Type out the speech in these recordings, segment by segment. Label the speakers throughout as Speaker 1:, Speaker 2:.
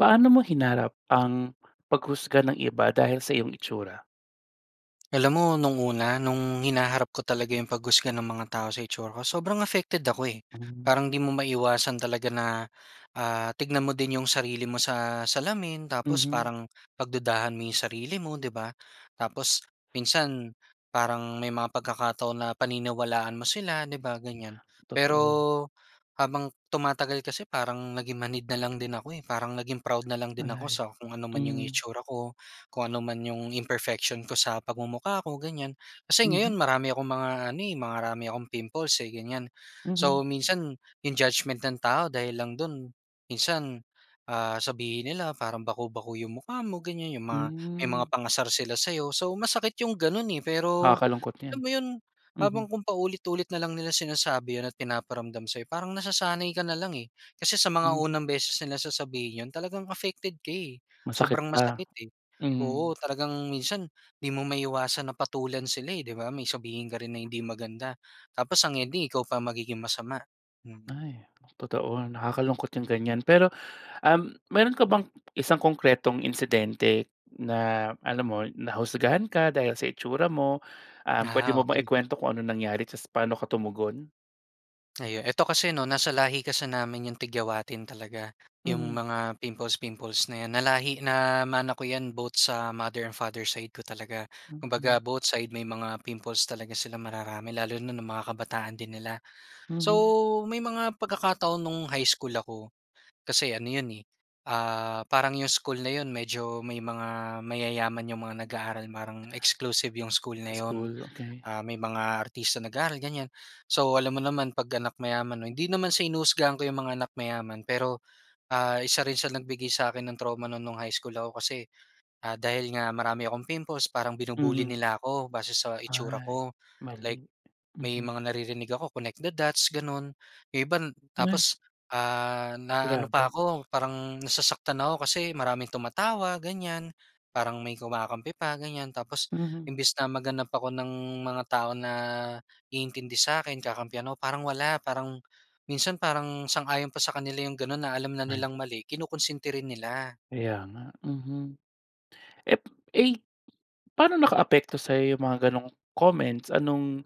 Speaker 1: Paano mo hinarap ang paghusga ng iba dahil sa iyong itsura?
Speaker 2: Alam mo nung una, nung hinaharap ko talaga yung paghusga ng mga tao sa itsura ko, sobrang affected ako eh.
Speaker 1: Mm.
Speaker 2: Parang di mo maiwasan talaga na, ah, tignan mo din yung sarili mo sa salamin tapos
Speaker 1: Mhm.
Speaker 2: parang pagdudahan mo yung sarili mo, 'di ba? Tapos minsan parang may mga pagkakataon na paniniwalaan mo sila, 'di ba? Ganyan.
Speaker 1: Totoo.
Speaker 2: Pero, habang tumatagal kasi parang naging manhid na lang din ako eh, parang naging proud na lang din ako
Speaker 1: Ay,
Speaker 2: sa kung ano man yung
Speaker 1: mm.
Speaker 2: itsura ko, kung ano man yung imperfection ko sa pagmumukha ko, ganyan. Kasi, ngayon
Speaker 1: Mhm.
Speaker 2: marami akong mga ano eh, marami akong pimples eh, ganyan.
Speaker 1: Mhm.
Speaker 2: So, minsan yung judgement ng tao dahil lang do'n minsan, ah, sabihin nila parang baku-baku yung mukha mo, ganyan. Yung mga may mga
Speaker 1: Hmm.
Speaker 2: pang-asar sila sa'yo. So, masakit yung gano'n eh. Pero,
Speaker 1: Nakakalungkot 'yan.
Speaker 2: alam mo 'yon, habang
Speaker 1: Mhm.
Speaker 2: kung paulit-ulit na lang nila sinasabi 'yon at pinaparamdam sa'yo, parang nasasanay ka na lang eh. Kasi sa mga
Speaker 1: Mhm.
Speaker 2: unang beses nila na sasabihin 'yon talagang affected ka eh,
Speaker 1: Masakit
Speaker 2: sobrang
Speaker 1: pa,
Speaker 2: masakit eh.
Speaker 1: mm.
Speaker 2: Oo, talagang minsan hindi mo maiwasan na patulan sila eh, 'di ba? May sabihin ka rin na hindi maganda tapos ang ending ikaw pa magiging masama, mm.
Speaker 1: Ay, totoo. Nakakalungkot yung ganyan. Pero, um, meron ka bang isang konkretong insidente na, alam mo, nahusgahan ka dahil sa itsura mo, um, pwede
Speaker 2: Ah,
Speaker 1: mo bang
Speaker 2: okey.
Speaker 1: ikwento kung anong nangyari tapos paano ka tumugon?
Speaker 2: Ayun, eto kasi 'no, nasa lahi kasi namin yung tigyawatin talaga, yung
Speaker 1: Mhm.
Speaker 2: mga pimples-pimples na 'yan. Nalahi namana ko 'yan both sa mother and father side ko talaga. Kumbaga,
Speaker 1: Mm.
Speaker 2: both side may mga pimples talaga sila mararami lalo na nung mga kabataan din nila. So,
Speaker 1: Mhm.
Speaker 2: may mga pagkakataon no'ng high school ako, kasi ano 'yon eh, ah, parang yung school na 'yon medyo may mga mayayaman yung mga nag-aaral parang exclusive yung school na 'yon.
Speaker 1: School, okey.
Speaker 2: Ah, may mga artista nag-aaral, ganyan. So, alam mo naman 'pag anak mayaman 'no, hindi naman sa hinuhusgahan ko yung mga anak mayaman pero, ah, isa rin sila nagbigay sa akin ng trauma no'n no'ng high school ako kasi, ah, dahil nga marami akong pimples parang binubully
Speaker 1: Mhm.
Speaker 2: nila ako base sa itsura
Speaker 1: Ay,
Speaker 2: ko. Like,
Speaker 1: mali.
Speaker 2: may
Speaker 1: Mhm.
Speaker 2: mga naririnig ako, connect the dots, gano'n. Yung iba
Speaker 1: Ay!
Speaker 2: tapos, ah, naaano pa
Speaker 1: Grabe.
Speaker 2: ako, parang nasasaktan ako kasi maraming tumatawa, ganyan. Parang may kumakampi pa ganyan. Tapos
Speaker 1: Mhm.
Speaker 2: imbes na maghanap ako ng mga tao na iintindi sa'kin, kakampihan ako, parang wala. Parang minsan parang sang-ayon pa sa kanila yung gano'n na alam na
Speaker 1: Mali.
Speaker 2: nilang mali, kinukunsinti rin nila.
Speaker 1: Kaya nga. Mhm. Eh eh, paano nakaapekto sa'yo yung mga gano'ng comments? Anong,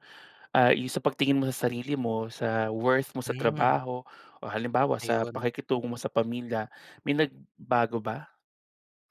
Speaker 1: ah, yung sa pagtingin mo sa sarili mo, sa worth mo sa
Speaker 2: Hmm.
Speaker 1: trabaho, o halimbawa sa
Speaker 2: Ayun.
Speaker 1: pakikitungo mo sa pamilya, may nagbago ba?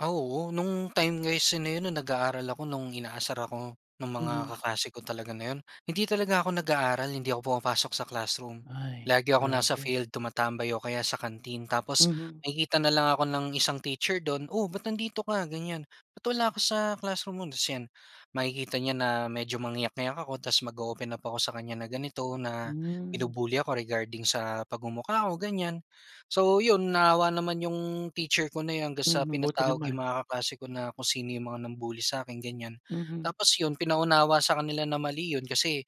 Speaker 2: Ah, oo. No'ng time kasi na 'yon nag-aaral ako. No'ng inaasar ako ng mga
Speaker 1: Mhm.
Speaker 2: kaklase ko talaga na 'yon, hindi talaga ako nag-aaral, hindi ako pumapasok sa classroom.
Speaker 1: Ay,
Speaker 2: Lagi akong nasa
Speaker 1: grabe.
Speaker 2: field tumatambay o kaya sa canteen. Tapos
Speaker 1: Mhm.
Speaker 2: nakikita na lang ako ng isang teacher do'n, "Oh, ba't nandito ka ganyan, ba't wala ka sa classroom mo?" Tas 'yan makikita niya na medyo mangiyak-iyak ako, ta's mag-o-open up ako sa kanya na ganito, na
Speaker 1: Hmm.
Speaker 2: binubully ako regarding sa pagmumukha ko, ganyan. So 'yon, naawa naman 'yong teacher ko na yun hanggang sa
Speaker 1: Mhm, buti
Speaker 2: pinatawag yung
Speaker 1: naman.
Speaker 2: mga kaklase ko na kung sino 'yong mga nang-bully sa akin, ganyan.
Speaker 1: Mhm.
Speaker 2: Tapos 'yon, pinaunawa sa kanila na mali 'yon kasi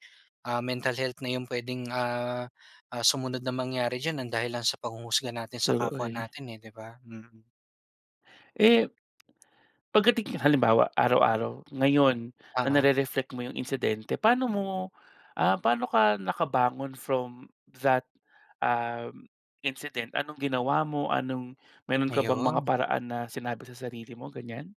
Speaker 2: ah, mental health na yung puwedeng ah ah, sumunod na mangyari diyan nang dahil lang sa panghuhusga natin sa
Speaker 1: True,
Speaker 2: kapwa
Speaker 1: uy.
Speaker 2: natin eh, 'di ba? Mm.
Speaker 1: Eh, pagdating halimbawa, araw-araw ngayon na
Speaker 2: Oo.
Speaker 1: nare-reflect mo yung insidente paano mo, ah, paano ka nakabangon from that uhm, incident. Anong ginawa mo, anong meron ka bang mga
Speaker 2: Ayun.
Speaker 1: paraan na sinabi sa sarili mo, ganyan?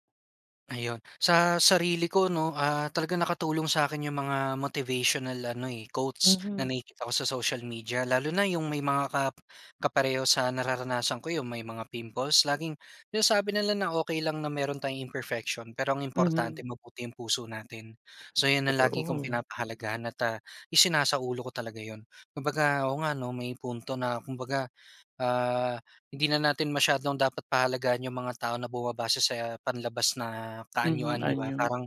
Speaker 2: Ayun sa sarili ko 'no, ah, talagang nakatulong sa akin yung mga motivational ano eh, quotes na
Speaker 1: Mhm.
Speaker 2: nakikita ko sa social media. Lalo na yung may mga kap kapareho sa nararanasan ko- yung may mga pimples. Laging sinasabi nila na, "Okey lang na meron tayong imperfection, pero ang importante
Speaker 1: Mm.
Speaker 2: mabuti ang puso natin." So, yun ang lagi kong
Speaker 1: Totoo.
Speaker 2: pinapahalagahan, at ah, isinasaulo ko talaga yun. Kumbaga, oo nga 'no, may punto na kumbaga, ah, hindi na natin masyadong dapat pahalagahan yung mga tao na bumabase sa panlabas na
Speaker 1: Mm,
Speaker 2: kaanyuan, 'di ba?
Speaker 1: anyo.
Speaker 2: Parang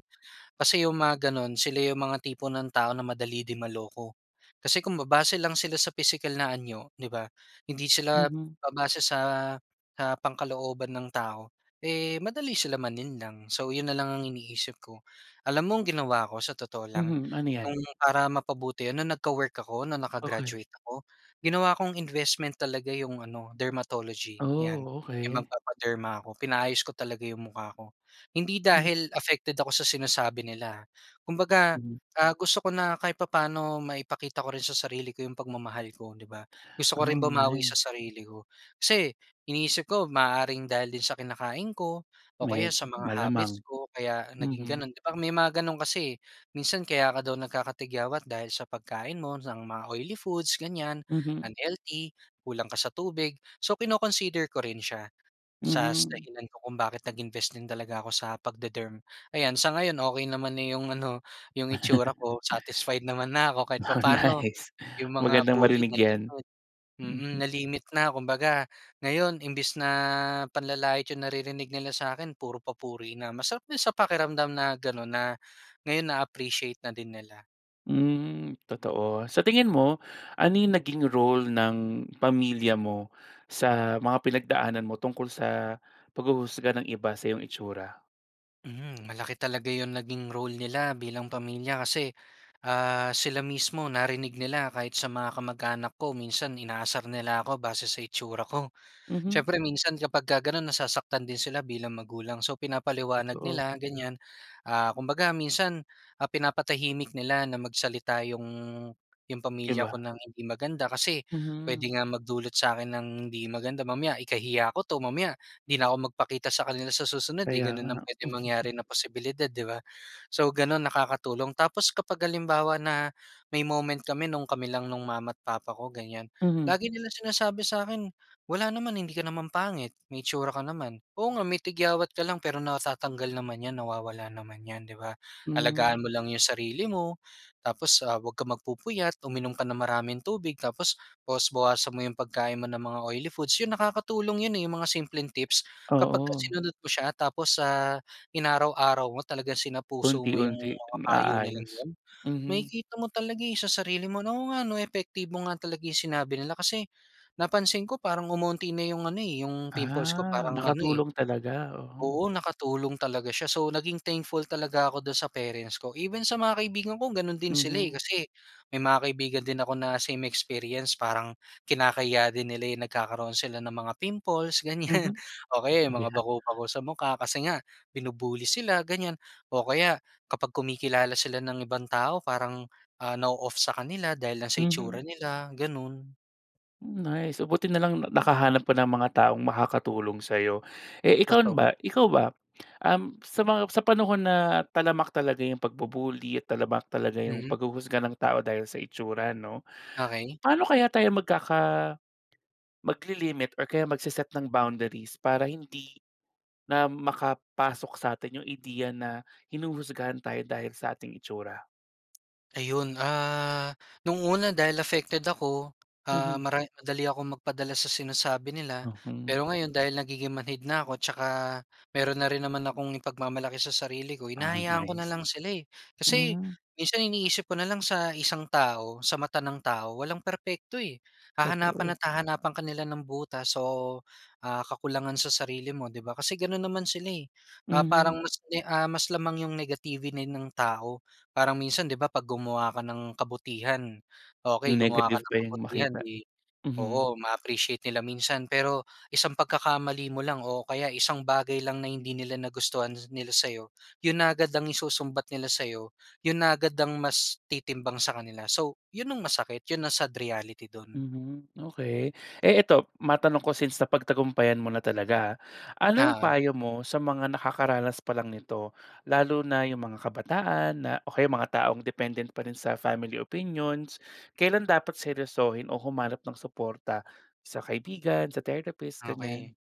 Speaker 2: kasi, yung mga ganun sila yung mga tipo ng tao na madali ding maloko. Kasi, kung babase lang sila sa pisikal na anyo, 'di ba, hindi sila
Speaker 1: Mm.
Speaker 2: babase sa, ah, pangkalooban ng tao, eh, madali silang malinlang. So yun na lang ang iniisip ko. Alam mo ang ginawa ko, sa totoo lang
Speaker 1: Mhm, ano yan?
Speaker 2: nung para mapabuti, yun nung nagka-work ako, nung
Speaker 1: Okey.
Speaker 2: naka-graduate ako. Ginawa kong investment talaga yung ano dermatology, yan,
Speaker 1: Oh,
Speaker 2: yung
Speaker 1: okey.
Speaker 2: magpapaderma ako. Pinaayos ko talaga yung mukha ko. Hindi
Speaker 1: Hmm.
Speaker 2: dahil affected ako sa sinasabi nila ah. Kumbaga,
Speaker 1: Hmm.
Speaker 2: ah, gusto ko na kahit papaano maipakita ko rin sa sarili ko yung pagmamahal ko, 'di ba? Gusto ko rin
Speaker 1: Oh,
Speaker 2: bumawi
Speaker 1: nice!
Speaker 2: sa sarili ko. Si, iniisip ko maaaring dahil din sa kinakain ko, o kaya
Speaker 1: May
Speaker 2: sa mga habits
Speaker 1: malamang.
Speaker 2: ko kaya naging
Speaker 1: Mm.
Speaker 2: ganun, 'di ba, may mga ganun kasi eh. Minsan kaya ka daw nagkakatigawat dahil sa pagkain mo ng mga oily foods, ganyan,
Speaker 1: Mhm.
Speaker 2: unhealthy. Kulang ka sa tubig. So, kino-consider ko rin siya sa
Speaker 1: Mhm.
Speaker 2: dahilan ko kung bakit nag-invest din talaga ako sa pagde-derm. Ayan, sa ngayon okey naman na yung ano yung itsura ko. Satisfied naman na ako kahit
Speaker 1: Oh
Speaker 2: papaano
Speaker 1: nice!
Speaker 2: yung mga
Speaker 1: Magandang
Speaker 2: bully
Speaker 1: marinig
Speaker 2: na
Speaker 1: yan.
Speaker 2: limit, mm,
Speaker 1: Mm.
Speaker 2: na-limit na. Kumbaga, ngayon imbis na panlalait yung naririnig nila sa akin, puro papuri na. Masarap din sa pakiramdam na ganun na, ngayon na-appreciate na din nila.
Speaker 1: Hmm, totoo. Sa tingin mo ano yung naging role ng pamilya mo sa mga pinagdaanan mo tungkol sa paghuhusga ng iba sa iyong itsura?
Speaker 2: Mhm, malaki talaga 'yong naging role nila bilang pamilya kasi ah sila mismo narinig nila kahit sa mga kamag-anak ko minsan inaasar nila ako base sa itsura ko.
Speaker 1: Mhm.
Speaker 2: Siyempre minsan kapag ka gano'n nasasaktan din sila bilang magulang so pinapaliwanag
Speaker 1: Totoo.
Speaker 2: nila ganyan ah, kumbaga minsan ah pinapatahimik nila na magsalita yung, yung pamilya ko
Speaker 1: Iba.
Speaker 2: ng hindi maganda kasi pwede
Speaker 1: Mhm.
Speaker 2: nga magdulot sa akin ng hindi maganda mamaya ikahiya ko 'to mamaya, 'di na ako magpakita sa kanila sa susunod eh
Speaker 1: Kaya
Speaker 2: gano'n
Speaker 1: nga.
Speaker 2: ang puwedeng mangyari na posibilidad 'di ba. So gano'n nakakatulong tapos kapag halimbawa na may moment kami no'ng kami lang no'ng mama't papa ko ganyan,
Speaker 1: Mhm.
Speaker 2: lagi nila sinasabi sa akin, "Wala naman, hindi ka naman pangit may itsura ka naman, oo nga may tigawat ka lang pero natatanggal naman 'yan nawawala naman 'yan 'di ba. Alagaan mo
Speaker 1: Hmm.
Speaker 2: lang 'yong sarili mo tapos ah, 'wag ka magpupuyat uminom ka ng maraming tubig tapos bawas-bawasan mo 'yong pagkain mo ng mga oily foods. 'Yon nakakatulong 'yon eh 'yong mga simpleng tips kapag ka
Speaker 1: Oo.
Speaker 2: sinunod mo siya. Tapos sa inaraw-araw mo talagang sina puso mo 'yong
Speaker 1: Unti-unti,
Speaker 2: mga payo nila
Speaker 1: maaayos
Speaker 2: 'yon
Speaker 1: mhm.
Speaker 2: makikita mo talaga eh sa sarili mo oo nga epektibo nga talaga 'yong sinabi nila kasi napansin ko parang umunti na 'yong ano 'yong pimples ko
Speaker 1: Ah,
Speaker 2: parang ano eh.
Speaker 1: nakatulong talaga oo.
Speaker 2: Oo nakatulong talaga siya so naging thankful talaga ako do'n sa parents ko, even sa mga kaibigan ko gano'n din sila eh.
Speaker 1: Mhm.
Speaker 2: Kasi may mga kaibigan din ako na parang kinakahiya din nila nagkakaroon sila ng mga pimples ganyan
Speaker 1: Mhm
Speaker 2: o kaya mga
Speaker 1: yeah.
Speaker 2: bakobako sa mukha kasi nga binu-bully sila ganyan o kaya kapag kumikilala sila ng ibang tao parang ah na-o-off sa kanila dahil lang sa itsura
Speaker 1: Mhm.
Speaker 2: nila gano'n.
Speaker 1: Hmm, nice! Oh, buti na lang na nakahanap ka ng mga taong makakatulong sa'yo. Eh, ikaw na
Speaker 2: Toto
Speaker 1: ba ikaw ba, um, sa mga sa panahon na talamak talaga 'yong pagbubully at talamak talaga 'yong
Speaker 2: Mhm.
Speaker 1: paghuhusga ng tao dahil sa itsura, 'no?
Speaker 2: Okey.
Speaker 1: Pa'no kaya tayo magkaka maglilimit or kaya magseset ng boundaries para hindi na makapasok sa'tin 'yong ideya na hinuhusgahan tayo dahil sa ating itsura?
Speaker 2: Ayun. Ah, no'ng una dahil affected ako, ah,
Speaker 1: Mhm.
Speaker 2: mara madali akong magpadala sa sinasabi nila.
Speaker 1: Mhm.
Speaker 2: Pero ngayon dahil nagiging manhid na ako at tsaka mayroon na rin naman akong ipagmamalaki sa sarili ko.
Speaker 1: Ah,
Speaker 2: Hinahayaan ko na
Speaker 1: nice.
Speaker 2: lang sila, eh. Kasi,
Speaker 1: Hmm.
Speaker 2: minsan iniisip ko na lang sa isang tao, sa mata ng tao, walang perpekto, eh, hahanapan
Speaker 1: Totoo.
Speaker 2: at hahanapan ka nila ng butas o, ah, kakulangan sa sarili mo, 'di ba? Kasi, gano'n naman sila, eh, ah, parang
Speaker 1: Mhm.
Speaker 2: mas may ah, mas lamang 'yong negativity ng tao. Parang minsan 'di ba, 'pag gumawa ka ng kabutihan, okey
Speaker 1: 'Yong
Speaker 2: gumawa ka
Speaker 1: negative
Speaker 2: ng
Speaker 1: pa 'yong
Speaker 2: kabutihan
Speaker 1: makita.
Speaker 2: 'di,
Speaker 1: Mhm.
Speaker 2: oo ma-appreciate nila minsan. Pero isang pagkakamali mo lang o kaya isang bagay lang na hindi nila nagustuhan nila sa'yo, 'yon na agad ang isusumbat nila sa'yo, 'yon na agad ang mas titimbang sa kanila. So, 'yon ang masakit, 'yon ang sad reality do'n.
Speaker 1: Mhm, okey. Eh, ito matanong ko since napagtagumpayan mo na talaga. Anong
Speaker 2: Oo.
Speaker 1: payo mo sa mga nakakaranas pa lang nito? Lalo na 'yong mga kabataan na o kaya mga taong dependent pa rin sa family opinions. Kailan dapat seryosohin o humanap ng suporta sa kaibigan, sa therapist, ganyan?
Speaker 2: Okey.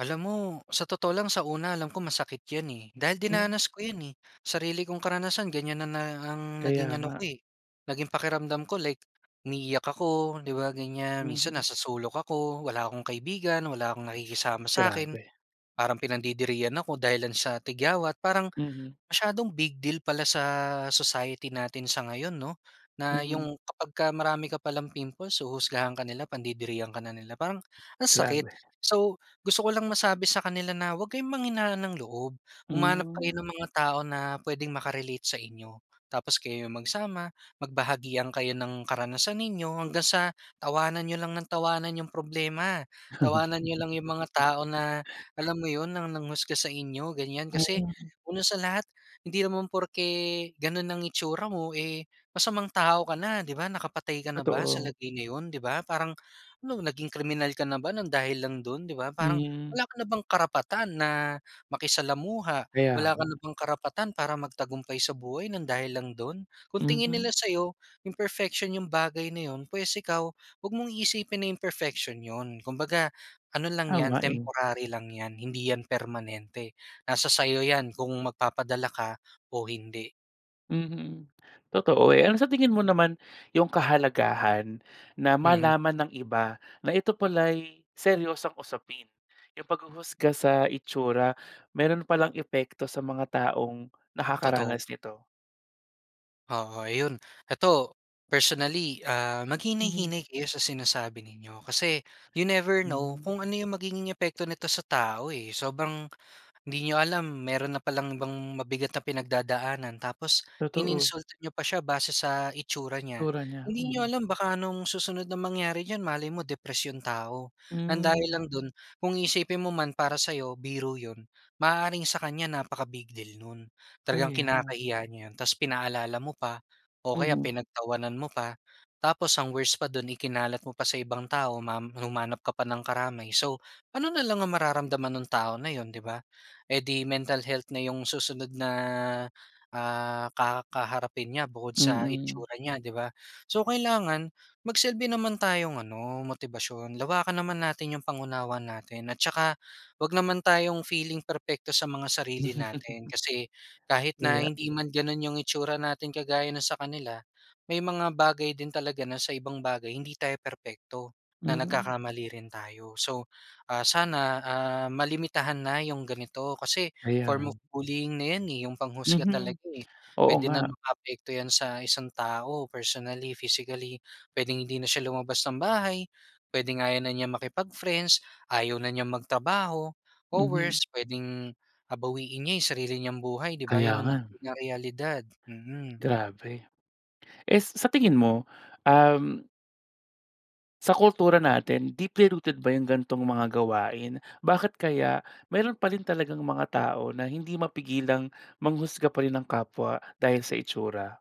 Speaker 2: Alam mo, sa totoo lang, sa una alam kong masakit 'yan, eh. Dahil
Speaker 1: Hmm.
Speaker 2: dinanas ko 'yan, eh. Sarili kong karanasan ganyan na na ang naging
Speaker 1: Kaya
Speaker 2: ano
Speaker 1: nga.
Speaker 2: ko, eh, naging pakiramdam ko, like umiiyak ako, 'di ba, ganyan? Minsan,
Speaker 1: Mhm.
Speaker 2: nasa sulok ako, wala akong kaibigan, wala akong nakikisama sa'kin.
Speaker 1: Grabe.
Speaker 2: Parang pinandidirihan ako dahil lang sa tigyawat, parang
Speaker 1: Mhm.
Speaker 2: masyadong big deal pala sa society natin sa ngayon, 'no? Na
Speaker 1: Mm.
Speaker 2: 'yong kapag ka marami ka palang pimples huhusgahan ka nila, pandidirihan ka na nila. Parang ang sakit.
Speaker 1: Grabe.
Speaker 2: So, gusto ko lang masabi sa kanila na huwag kayong panghinaan ng loob. Humanap kayo
Speaker 1: Hmm.
Speaker 2: ng mga tao na puwedeng maka-relate sa inyo, tapos kayo magsama, magbahagian kayo ng karanasan ninyo hanggang sa, tawanan nyo lang ng tawanan 'yong problema. Tawanan niyo lang 'yong mga tao na alam mo 'yon nang nanghusga sa inyo, ganyan. Kasi,
Speaker 1: Hmm.
Speaker 2: una sa lahat, hindi naman porke gano'n ang itsura mo, eh, masamang tao ka na, 'di ba? Nakapatay ka na ba sa
Speaker 1: Totoo.
Speaker 2: lagay na 'yon, 'di ba? Parang, no'ng naging kriminal ka na ba ng dahil lang don 'di ba? Parang
Speaker 1: Hmm.
Speaker 2: wala ka na bang karapatan na makisalamuha, wala
Speaker 1: Kaya
Speaker 2: ka
Speaker 1: nga.
Speaker 2: na bang karapatan para magtagumpay sa buhay ng dahil lang don? Kung tingin nila
Speaker 1: Mhm.
Speaker 2: sa'yo imperfection 'yong bagay na 'yon, pwes, ikaw huwag mong iisipin na imperfection 'yon. Kumbaga ano lang
Speaker 1: Oo
Speaker 2: 'yan,
Speaker 1: nga, eh.
Speaker 2: temporary lang 'yan, hindi 'yan permanente. Nasa sa 'yo 'yan kung magpapadala ka o hindi.
Speaker 1: Mhm. Totoo, eh, ano sa tingin mo naman 'yong kahalagahan, na
Speaker 2: Mhm.
Speaker 1: malaman ng iba na ito pala'y seryosong usapin? 'Yong paghuhusga sa itsura, mayroon pa lang epekto sa mga taong
Speaker 2: Totoo.
Speaker 1: nakakaranas nito.
Speaker 2: Oo 'yon. Ito, personally, ah,
Speaker 1: Mhm.
Speaker 2: maghinay-hinay kayo sa sinasabi ninyo kasi you never know
Speaker 1: Hmm.
Speaker 2: kung ano 'yong magiging epekto nito sa tao, eh. Sobrang hindi niyo alam mayroon na pa lang ibang mabigat na pinagdadaanan, tapos
Speaker 1: Totoo.
Speaker 2: ininsulto niyo pa siya, base sa itsura niya.
Speaker 1: Itsura niya.
Speaker 2: Hindi niyo
Speaker 1: Mhm.
Speaker 2: alam, baka anong susunod na mangyari diyan, malay mo depress 'yong tao. Ng dahil
Speaker 1: Hmm.
Speaker 2: lang do'n, kung isipin mo man para sa 'yo, biro 'yon, maaaring sa kanya napaka-big deal no'n. Talagang
Speaker 1: Kaya.
Speaker 2: kinakahiya niya 'yon. Tapos pinaalala mo pa o kaya
Speaker 1: Mhm.
Speaker 2: pinagtawanan mo pa. Tapos ang worst pa do'n, ikinalat mo pa sa ibang tao ma humanap ka pa ng karamay. So, ano na lang ang mararamdaman no'ng tao na 'yon, 'di ba? Eh di, mental health na 'yong susunod na, ah, kakaharapin niya bukod sa
Speaker 1: Mm.
Speaker 2: itsura niya, 'di ba? So, kailangan magsilbi naman tayong ano motibasyon. Lawakan naman natin 'yong pang-unawa natin at saka huwag naman tayong feeling perpekto sa mga sarili natin. Kasi kahit na
Speaker 1: Kaya.
Speaker 2: hindi man gano'n 'yong itsura natin kagaya no'ng sa kanila. May mga bagay din talaga na sa ibang bagay hindi tayo perpekto. Na
Speaker 1: Mhm.
Speaker 2: nagkakamali rin tayo. So, ah, sana, ah, malimitahan na 'yong ganito kasi form of
Speaker 1: Ayan.
Speaker 2: bullying na 'yan, eh. 'Yong panghusga
Speaker 1: Mhm.
Speaker 2: talaga, eh.
Speaker 1: Oo,
Speaker 2: Puwede nang
Speaker 1: nga.
Speaker 2: makaapekto 'yan sa isang tao personally, physically. Puwedeng hindi na siya lumabas ng bahay. Puwedeng ayaw na niyang makipag-friends, ayaw na niyang magtrabaho o
Speaker 1: Mhm.
Speaker 2: worst puwedeng, ah, bawiin niya 'yong sarili niyang buhay, 'di ba?
Speaker 1: Kaya
Speaker 2: 'Yon
Speaker 1: nga.
Speaker 2: naman talaga ang realidad. Mm.
Speaker 1: Grabe. Eh s sa tingin mo, um Sa kultura natin, deeply rooted ba yung ganitong mga gawain? Bakit kaya, mayroon pa rin talagang mga tao na hindi mapigilang manghusga pa rin ng kapwa, dahil sa itsura?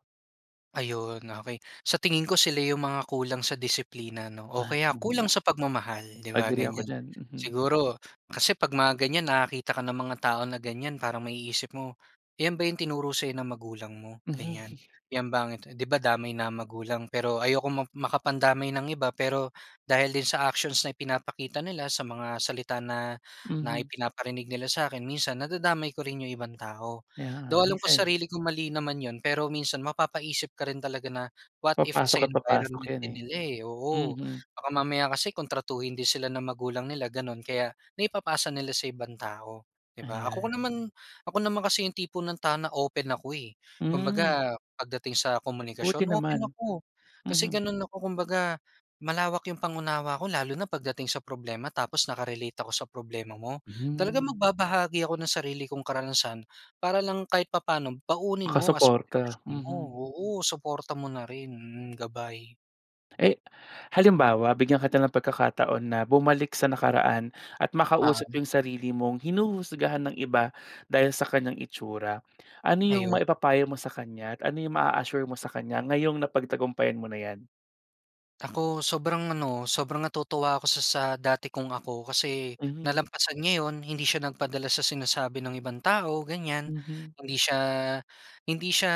Speaker 2: Ayun, okey. Sa tingin ko, sila yung mga kulang sa disiplina 'no. O kaya,
Speaker 1: Pahinga.
Speaker 2: kulang sa pagmamahal, 'di ba
Speaker 1: Agree ako
Speaker 2: ganyan?
Speaker 1: diyan, mhm.
Speaker 2: Siguro kasi, 'pag mga ganyan nakakita ka ng mga tao na ganyan parang maiisip mo, "Yan ba yung tinuro sa'yo ng magulang mo?"ganyan,
Speaker 1: Mhm.
Speaker 2: "Yan ba?" Di ba damay na magulang. Pero, ayokong ma makapandamay ng iba. Pero, dahil din sa actions na pinapakita nila, sa mga salita na na
Speaker 1: Mhm.
Speaker 2: ipinaparinig nila sa akin, minsan nadadamay ko rin yung ibang tao.
Speaker 1: Yeah,
Speaker 2: Though,
Speaker 1: may
Speaker 2: alam ko
Speaker 1: sense.
Speaker 2: sarili ko mali naman yun. Pero minsan, mapapaisip ka rin talaga na, "What if sa
Speaker 1: Papasok at papasok
Speaker 2: environment
Speaker 1: yan
Speaker 2: din
Speaker 1: eh.
Speaker 2: nila, eh. Oo,
Speaker 1: Mm.
Speaker 2: baka mamaya kasi kung tratuhin din sila ng magulang nila gano'n, kaya naipapasa nila sa ibang tao, 'di ba? Ako
Speaker 1: Ayan.
Speaker 2: naman ako naman kasi yung tipo ng tao na open ako, eh.
Speaker 1: Hmm.
Speaker 2: Kumbaga, pagdating sa
Speaker 1: Buti
Speaker 2: komunikasyon, open
Speaker 1: naman.
Speaker 2: ako. Kasi,
Speaker 1: Mhm
Speaker 2: gano'n ako, kumbaga, malawak yung pang-unawa ko, lalo na pagdating sa problema tapos naka-relate ako sa problema mo. Talagang
Speaker 1: Hmm.
Speaker 2: magbabahagi ako ng sarili kong karanasan, para lang kahit papano baunin mo as
Speaker 1: Makasuporta,
Speaker 2: motibasyon mo,
Speaker 1: mhm.
Speaker 2: oo, suporta mo na rin. Mm, gabay.
Speaker 1: Eh, halimbawa, bigyan kita ng pagkakataon na bumalik sa nakaraan at
Speaker 2: Ah,
Speaker 1: makausap
Speaker 2: um.
Speaker 1: yung sarili mong hinuhusgahan ng iba dahil sa kanyang itsura, ano yung
Speaker 2: Ayun.
Speaker 1: maipapayo mo sa kanya at ano yung maa-assure mo sa kanya ngayong napagtagumpayan mo na 'yan?
Speaker 2: Ako, sobrang ano, sobrang natutuwa ako sa sa dati kong ako. Kasi
Speaker 1: Mhm.
Speaker 2: nalampasan niya 'yon. Hindi siya nagpadala sa sinasabi ng ibang tao, ganyan.
Speaker 1: Mhm.
Speaker 2: Hindi siya hindi siya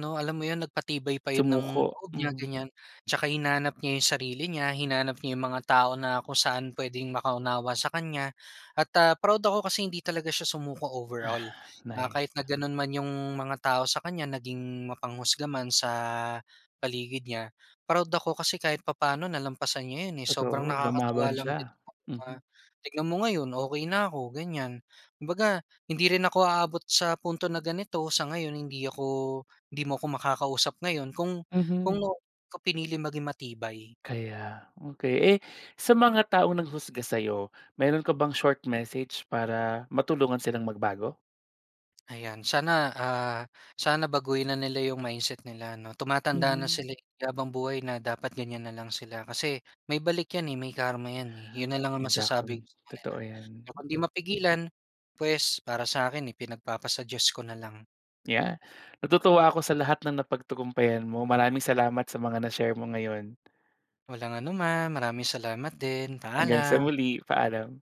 Speaker 2: ano, alam mo 'yon, nagpatibay pa 'yon ng
Speaker 1: Sumuko.
Speaker 2: loob niya,
Speaker 1: Mhm.
Speaker 2: ganyan. Tsaka hinanap niya yung sarili niya, hinanap niya yung mga tao na kung saan puwedeng makaunawa sa kanya, at, ah, proud ako kasi hindi talaga siya sumuko
Speaker 1: Ah.
Speaker 2: overall, na
Speaker 1: Nice.
Speaker 2: kahit na gano'n man yung mga tao sa kanya, naging mapanghusga man sa paligid niya, proud ako kasi kahit papaano nalampasan niya 'yon eh, sobrang
Speaker 1: Totoo,
Speaker 2: nakakatuwa
Speaker 1: lumaban
Speaker 2: lang din.
Speaker 1: siya. Mhm.
Speaker 2: [unintelligible] Tignan mo ngayon, okey na ako, ganyan. Kumbaga, hindi rin ako aabot sa punto na ganito sa ngayon, hindi ako hindi mo ako makakausap ngayon kung
Speaker 1: Mhm.
Speaker 2: kung [unintelligible] ko pinili maging matibay.
Speaker 1: Kaya. Okey. Eh, sa mga taong nanghusga sa'yo, meron ka bang short message para matulungan silang magbago?
Speaker 2: Ayan. Sana, ah, sana baguhin na nila yung mindset nila 'no, tumatanda na
Speaker 1: Mhm.
Speaker 2: sila eh. Di habang buhay na dapat ganyan na lang sila kasi may balik yan eh, may karma yan eh, 'yon na lang ang masasabi ko
Speaker 1: Exactly,
Speaker 2: sa kanila.
Speaker 1: totoo yan.
Speaker 2: Kapag 'di
Speaker 1: Hmm.
Speaker 2: mapigilan, puwes, para sa akin eh, ipinagpapasa-Diyos ko nalang.
Speaker 1: Ya natutuwa ako sa lahat ng napagtagumpayan mo. Maraming salamat sa mga na-share mo ngayon.
Speaker 2: Walang anuman. Maraming salamat din.
Speaker 1: Hanggang sa
Speaker 2: Paalam.
Speaker 1: muli. Paalam.